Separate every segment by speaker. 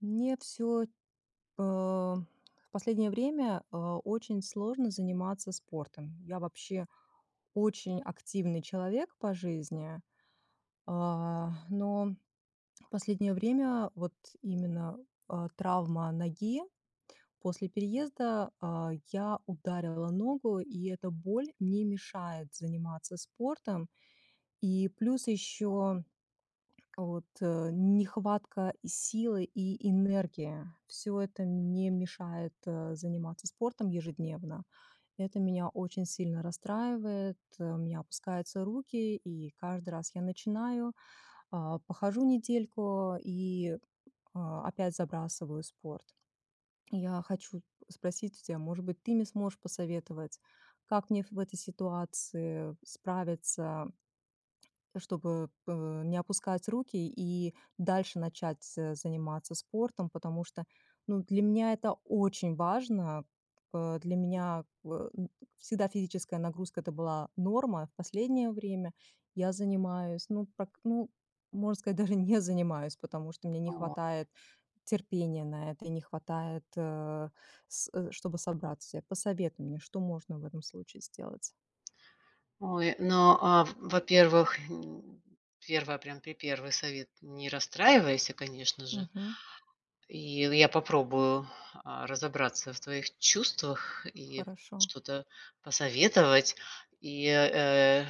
Speaker 1: Нет всё. А, в последнее время, а, очень сложно заниматься спортом. Я вообще очень активный человек по жизни. А, но в последнее время вот именно, а, травма ноги, после переезда, а, я ударила ногу, и эта боль мне мешает заниматься спортом, и плюс ещё вот, э, нехватка силы и энергии. Всё это мне мешает, э, заниматься спортом ежедневно. Это меня очень сильно расстраивает, э, у меня опускаются руки и каждый раз я начинаю, а, похожу недельку и, а, опять забрасываю спорт. Я хочу спросить у тебя, может быть, ты мне сможешь посоветовать, как мне в этой ситуации справиться, чтобы п не опускать руки и дальше начать з заниматься спортом. Потому что, ну, для меня это очень важно. Э, для меня в всегда физическая нагрузка- это была норма. В последнее время я занимаюсь, ну, прак ну, можно сказать, даже не занимаюсь, потому что мне не
Speaker 2: Ой.
Speaker 1: хватает терпения на это и не хватает, э, с э, чтобы собраться. Посоветуй мне, что можно в этом случае сделать.
Speaker 2: Ой, ну, а, в во-первых, м, 1, прям, припервый совет: не расстраивайся, конечно же,
Speaker 1: Мгм.
Speaker 2: и я попробую, а, разобраться в твоих чувствах и
Speaker 1: Хорошо.
Speaker 2: что-то посоветовать. И, э,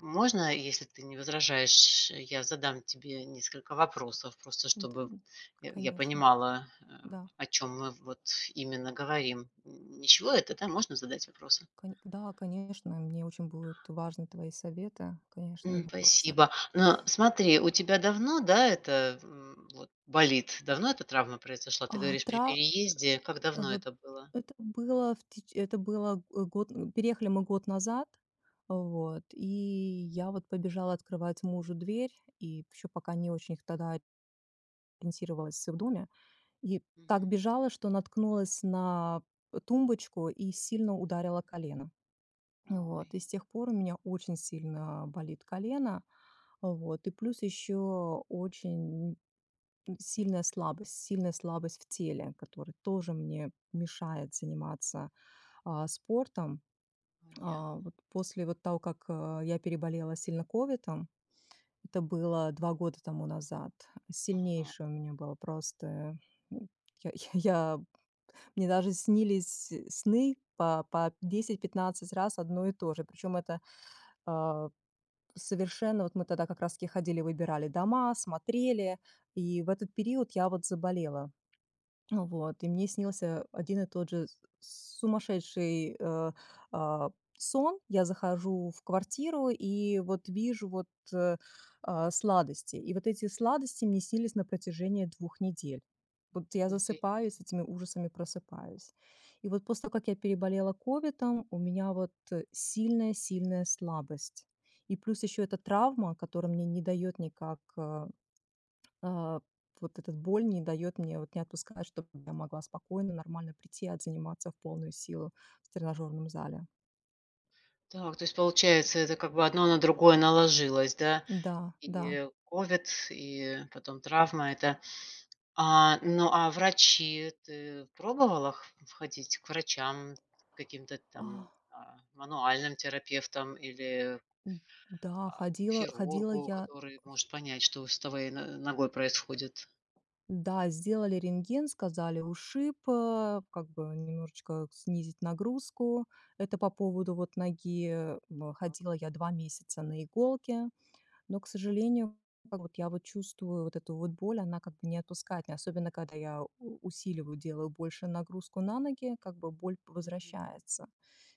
Speaker 2: можно, если ты не возражаешь, я задам тебе несколько вопросов, просто
Speaker 1: Да,
Speaker 2: чтобы я я
Speaker 1: конечно.
Speaker 2: понимала, э,
Speaker 1: Да.
Speaker 2: о чём мы вот именно говорим. Ничего это, да, можно задать вопросы?
Speaker 1: Кон да, конечно, мне очень будут важны твои советы, конечно, и
Speaker 2: М,
Speaker 1: вопросы.
Speaker 2: спасибо. Но, смотри, у тебя давно, да, это, м, вот болит, давно эта травма произошла? Ты
Speaker 1: Ах,
Speaker 2: говоришь, при
Speaker 1: тра
Speaker 2: переезде, как
Speaker 1: э,
Speaker 2: давно
Speaker 1: вот
Speaker 2: это было?
Speaker 1: это было в теч это было, э, год переехали мы год назад. Вот, и я вот побежала открывать мужу дверь и ещё пока не очень тогда ориентировалась в доме и так
Speaker 2: Мгм.
Speaker 1: бежала, что наткнулась на, э, тумбочку и сильно ударила колено. Вот
Speaker 2: Ой.
Speaker 1: и с тех пор у меня очень сильно болит колено. Вот и плюс ещё очень сильная слабость сильная слабость в теле, которая тоже мне мешает заниматься, а, спортом. А,
Speaker 2: Понятно.
Speaker 1: вот после вот того как, а, я переболела сильно ковидом, это было 2 года тому назад,
Speaker 2: Ага.
Speaker 1: сильнейший у меня был просто, м, я я мне даже снились сны по по 10-15 раз одно и то же, причём это, э, совершенно вот мы тогда как раз таки ходили, выбирали дома, смотрели и в этот период я вот заболела. Вот и мне снился один и тот же с сумасшедший, э, а, сон. Я захожу в квартиру и вот вижу вот, э, а, сладости, и вот эти сладости мне снились на протяжении 2 недель. Вот я
Speaker 2: Погоди.
Speaker 1: засыпаю, с этими ужасами просыпаюсь. И вот после того, как я переболела ковидом, у меня вот сильная сильная слабость, и плюс ещё эта травма, которая мне не даёт никак, э э, вот эта боль не даёт мне, вот не отпускает, чтобы я могла спокойно, нормально прийти и отзаниматься в полную силу в тренажёрном зале.
Speaker 2: Так, то есть получается, это как бы одно на другое наложилось, да,
Speaker 1: Да, да.
Speaker 2: и ковид, и потом травма эта. А, ну, а врачи? Ты пробовала х ходить к врачам, каким-то там,
Speaker 1: Ах.
Speaker 2: а, мануальным терапевтам или,
Speaker 1: М, да,
Speaker 2: а, к
Speaker 1: ходила ходила
Speaker 2: хирургу,
Speaker 1: я
Speaker 2: который может понять, что с твоей но ногой происходит?
Speaker 1: Да, сделали рентген, сказали ушиб, э, как бы немножечко снизить нагрузку. Это по поводу вот ноги бэ
Speaker 2: Так.
Speaker 1: ходила я 2 месяца на иголки, но, к сожалению, как вот я вот чувствую вот эту вот боль, она как бы не отпускает меня, особенно когда я у усиливаю, делаю больше нагрузку на ноги, как бы боль
Speaker 2: Мгм.
Speaker 1: возвращается.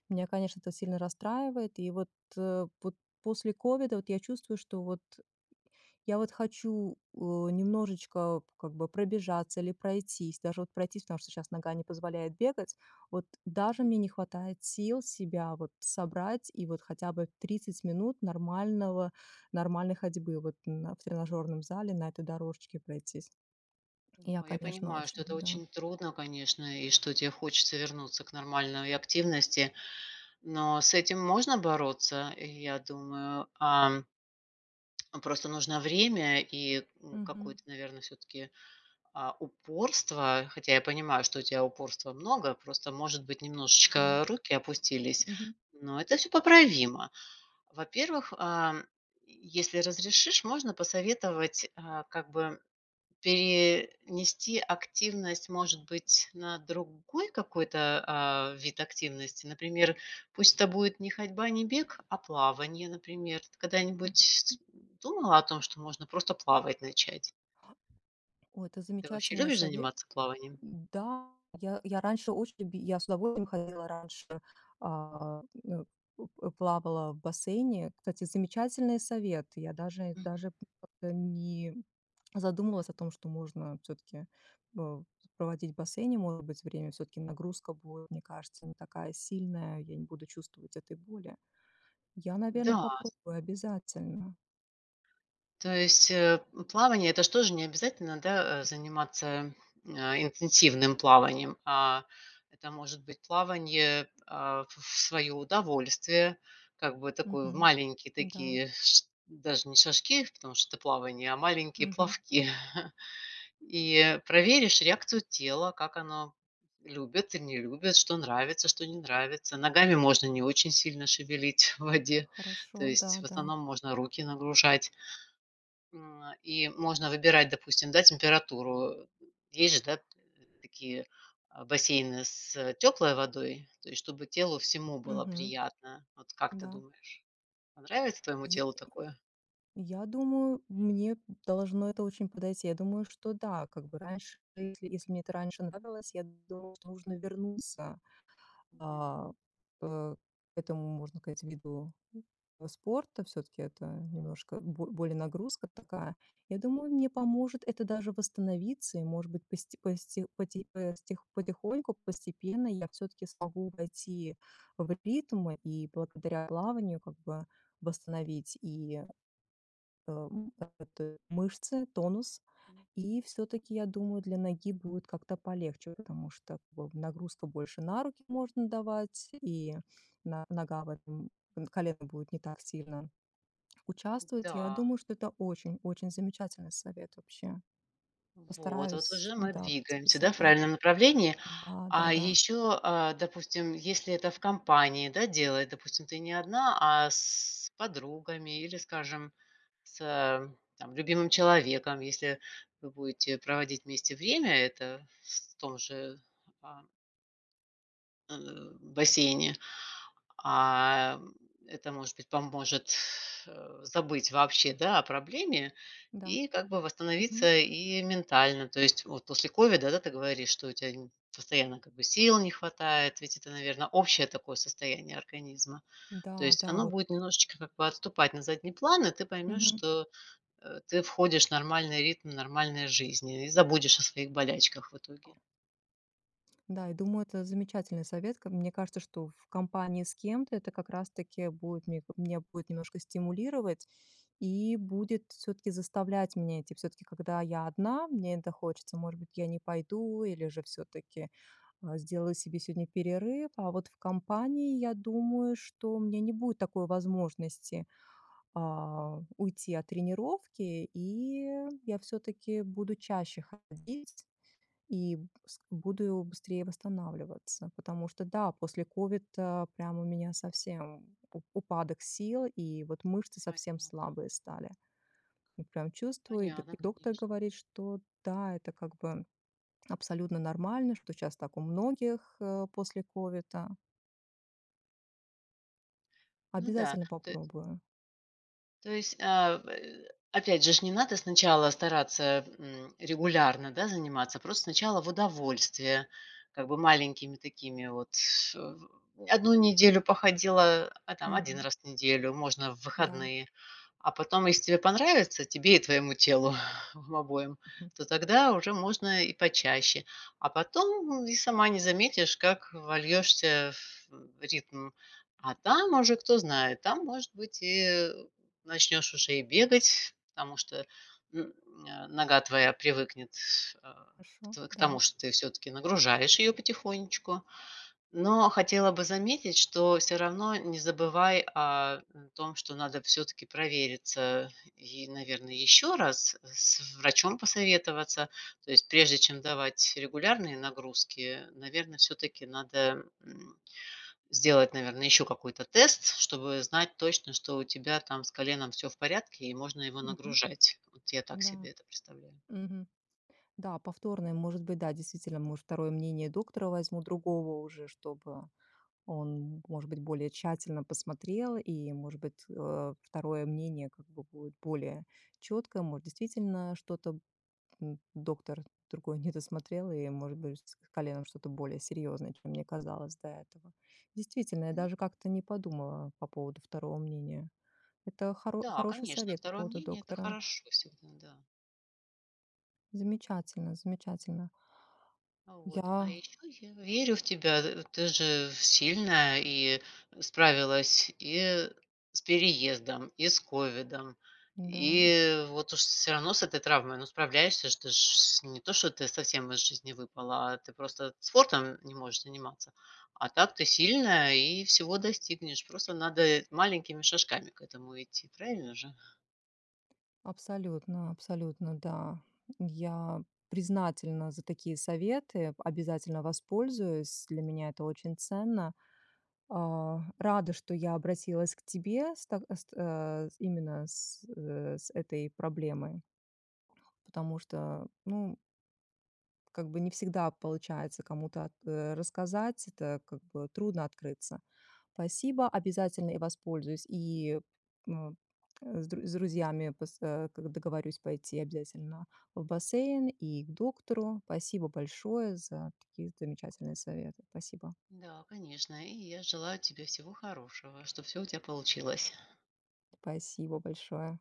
Speaker 1: Меня, конечно, это сильно расстраивает, и вот, э, вот после ковида вот я чувствую, что вот я вот хочу, э, немножечко как бы пробежаться или пройтись, даже вот пройтись, потому что щас нога не позволяет бегать. Вот даже
Speaker 2: Мгм.
Speaker 1: мне не хватает сил себя вот собрать и вот хотя бы 30 минут нормального нормальной ходьбы вот на в тренажёрном зале на этой дорожке пройтись. Я,
Speaker 2: Да, я
Speaker 1: конечно,
Speaker 2: понимаю,
Speaker 1: очень,
Speaker 2: что это
Speaker 1: да
Speaker 2: очень трудно, конечно, и что те хочется вернуться к нормальной активности, но с этим можно бороться, я думаю. Ам просто нужно время и н
Speaker 1: Мгм.
Speaker 2: какое-то, наверно, всё-таки, а, упорство, хотя я понимаю, что у тебя упорства много, просто может быть
Speaker 1: Да.
Speaker 2: немножечко руки опустились,
Speaker 1: Мгм.
Speaker 2: но это всё поправимо. Во-первых, ам, если разрешишь, можно посоветовать, а, как бы пе нести активность, может быть, на другой какой-то, а, вид активности, например, пусть это будет не ходьба, не бег, а плавание, например. Ты
Speaker 1: М.
Speaker 2: когда-нибудь думала о том, что можно просто плавать начать?
Speaker 1: О, это
Speaker 2: Ты вообще
Speaker 1: замечательный
Speaker 2: любишь
Speaker 1: совет.
Speaker 2: заниматься плаванием?
Speaker 1: Да, я я раньше очень еби я с удовольствием ходила раньше, а, н у э, плавала в бассейне. Кстати, замечательный совет. Я даже
Speaker 2: Мгм.
Speaker 1: даже д не задумывалась о том, что можно всё-таки, э, проводить в бассейне, может быть, время, всё-таки нагрузка будет, мне кажется, не такая сильная и я не буду чувствовать этой боли. Я, наверно,
Speaker 2: Да.
Speaker 1: попробую обязательно.
Speaker 2: То есть, э, плавание- это ж тоже не обязательно, да, э, заниматься, э, интенсивным плаванием, а это может быть плавание, а, в свое удовольствие, как бы такой,
Speaker 1: Мгм.
Speaker 2: маленькие
Speaker 1: Да.
Speaker 2: такие ш даже не шажки, потому что это плавание, а маленькие
Speaker 1: Мгм.
Speaker 2: плавки и проверишь реакцию тела, как оно любит и не любит, что нравится, что не нравится. Ногами можно не очень сильно шевелить в воде, то
Speaker 1: Хорошо,
Speaker 2: есть,
Speaker 1: да,
Speaker 2: в
Speaker 1: да.
Speaker 2: основном, можно руки нагружать, м, и можно выбирать, допустим, да, температуру. Есть же, да, такие, а, бассейны с теплой водой, то есть чтобы телу всему было
Speaker 1: Мгм.
Speaker 2: приятно. Вот как ты
Speaker 1: Да.
Speaker 2: думаешь, понравится твоему
Speaker 1: Я
Speaker 2: телу такое?
Speaker 1: я думаю, мне должно это очень подойти. Я думаю, что да, как бы раньше в жизни, если мне это раньше нравилось, я думаю, что нужно вернуться,
Speaker 2: Мгм.
Speaker 1: а, э, к этому, можно сказать, виду спорта, всё-таки это немножко бо более нагрузка такая. Я думаю, мне поможет это даже восстановиться и, может быть, посте посте поти постих потихоньку, постепенно я всё-таки смогу войти в ритм и благодаря плаванию как бы восстановить и, э, как это, мышцы, тонус.
Speaker 2: М.
Speaker 1: И всё-таки я думаю, для ноги будет как-то полегче, потому что вот нагрузка больше на руки можно давать и на нога в этом колено будет не так сильно участвовать. Я
Speaker 2: Да.
Speaker 1: думаю, что это очень очень замечательный совет вообще.
Speaker 2: Вот вот
Speaker 1: Постараюсь,
Speaker 2: уже мы
Speaker 1: да,
Speaker 2: двигаемся, да,
Speaker 1: записать
Speaker 2: в
Speaker 1: вот.
Speaker 2: правильном направлении. А
Speaker 1: Да-да-да.
Speaker 2: ещё, а, допустим, если это в компании, да, делает, допустим, ты не одна, а с подругами или, скажем, с там любимым человеком. Если вы будете проводить вместе время, это в том же, а Э, в бассейне. А, м, это, может быть, поможет, э, забыть вообще, да, о проблеме
Speaker 1: Да.
Speaker 2: и как бы
Speaker 1: М м.
Speaker 2: восстановиться и ментально. То есть вот после ковида, да, ты говоришь, что у тя н постоянно как бы сил не хватает, ведь это, наверно, общее такое состояние организма. То
Speaker 1: Да,
Speaker 2: есть
Speaker 1: да,
Speaker 2: оно
Speaker 1: вот
Speaker 2: будет немножечко как бы отступать на задний план, и ты поймешь,
Speaker 1: Мгм.
Speaker 2: что, э, ты входишь в нормальный ритм нормальной жизни и забудешь о своих болячках в итоге.
Speaker 1: Да, я думаю, это замечательный совет. Ка мне кажется, что в компании с кем-то это как раз-таки будет мне меня будет немножко стимулировать и будет всё-таки заставлять меня идти. Всё-таки, когда я одна, мне это хочется, может быть, я не пойду или же всё-таки, а, сделаю себе сегодня перерыв. А вот в компании, я думаю, что у меня не будет такой возможности, а, уйти от тренировки, и я всё-таки буду чаще ходить и с буду быстрее восстанавливаться. Потому что, да, после ковида прям у меня совсем у упадок сил и вот мышцы
Speaker 2: Ай.
Speaker 1: совсем слабые стали. Вот прям чувствую, и до
Speaker 2: Понятно.
Speaker 1: и доктор
Speaker 2: Конечно.
Speaker 1: говорит, что, да, это, как бы, абсолютно нормально. Что щас так у многих, э, после ковида.
Speaker 2: Ну да,
Speaker 1: Обязательно
Speaker 2: то есть
Speaker 1: попробую.
Speaker 2: То есть, а, э, опять же ж, не надо сначала стараться, м, регулярно, да, заниматься. Просто сначала в удовольствие, как бы маленькими такими вот, э, 1 неделю походила, а там 1
Speaker 1: Мгм.
Speaker 2: раз в неделю можно в
Speaker 1: Да.
Speaker 2: выходные. А потом, если тебе понравится, тебе и твоему телу обоим,
Speaker 1: Мгм.
Speaker 2: то тогда уже можно и почаще. А потом и сама не заметишь, как вольёшься в, м, ритм, а там уже, кто знает. Там, может быть, и, э, начнешь уже и бегать, потому что, м, н э, нога твоя привыкнет, тс а,
Speaker 1: Хорошо,
Speaker 2: к к тому,
Speaker 1: да.
Speaker 2: что ты всё-таки нагружаешь её потихонечку. Но хотела бы заметить, что всё равно не забывай о, м, том, что надо всё-таки провериться и, наверно, ещё раз с врачом посоветоваться. То есть, прежде чем давать регулярные нагрузки, наверно, всё-таки надо, м, сделать, наверно, ещё какой-то тест, чтобы знать точно, что у тебя там с коленом всё в порядке и можно его
Speaker 1: Мгм.
Speaker 2: нагружать. Вот я так
Speaker 1: Да.
Speaker 2: себе это представляю.
Speaker 1: Мгм. Да, повторное, может быть, да, действительно, может, второе мнение доктора возьму другого уже, чтобы он, может быть, более тщательно посмотрел и, может быть, э, второе мнение как бы будет более чёткое. Может, действительно, что-то, м, доктор другой недосмотрел и, может быть, с коленом что-то более серьёзное, чем мне казалось до этого. Действительно, я
Speaker 2: Мгм.
Speaker 1: даже как-то не подумала по поводу второго мнения. Это хоро
Speaker 2: Да,
Speaker 1: хороший
Speaker 2: конечно,
Speaker 1: совет по
Speaker 2: второе
Speaker 1: поводу
Speaker 2: мнение- это
Speaker 1: доктора.
Speaker 2: хорошо всегда, да.
Speaker 1: Замечательно, замечательно.
Speaker 2: А, вот. А
Speaker 1: Я
Speaker 2: ещё я верю в тебя. Э, ты же сильная и справилась, и с переездом, и с ковидом,
Speaker 1: Да.
Speaker 2: и вот уж всё равно с этой травмой, но справляешься ж. Ты ж с не то что ты совсем из жизни выпала, а ты просто спортом не можешь заниматься. А так ты сильная и всего достигнешь. Просто надо маленькими шажками к этому идти, правильно же?
Speaker 1: Абсолютно, абсолютно. Да, я признательна за такие советы, о обязательно воспользуюсь. Для меня это очень ценно. А, рада, что я обратилась к тебе с так с та э, именно с, э, с этой проблемой. Потому что, ну Как бы не всегда получается кому-то, э, рассказать, это, как бы, трудно открыться. Спасибо, обязательно и воспользуюсь, и, м, э, с дру с друзьями, пос э, как договорюсь пойти обязательно в бассейн и к доктору. Спасибо большое за такие замечательные советы. Спасибо.
Speaker 2: Да, конечно. И я желаю тебе всего хорошего, чтоб всё у тебя получилось.
Speaker 1: Спасибо большое.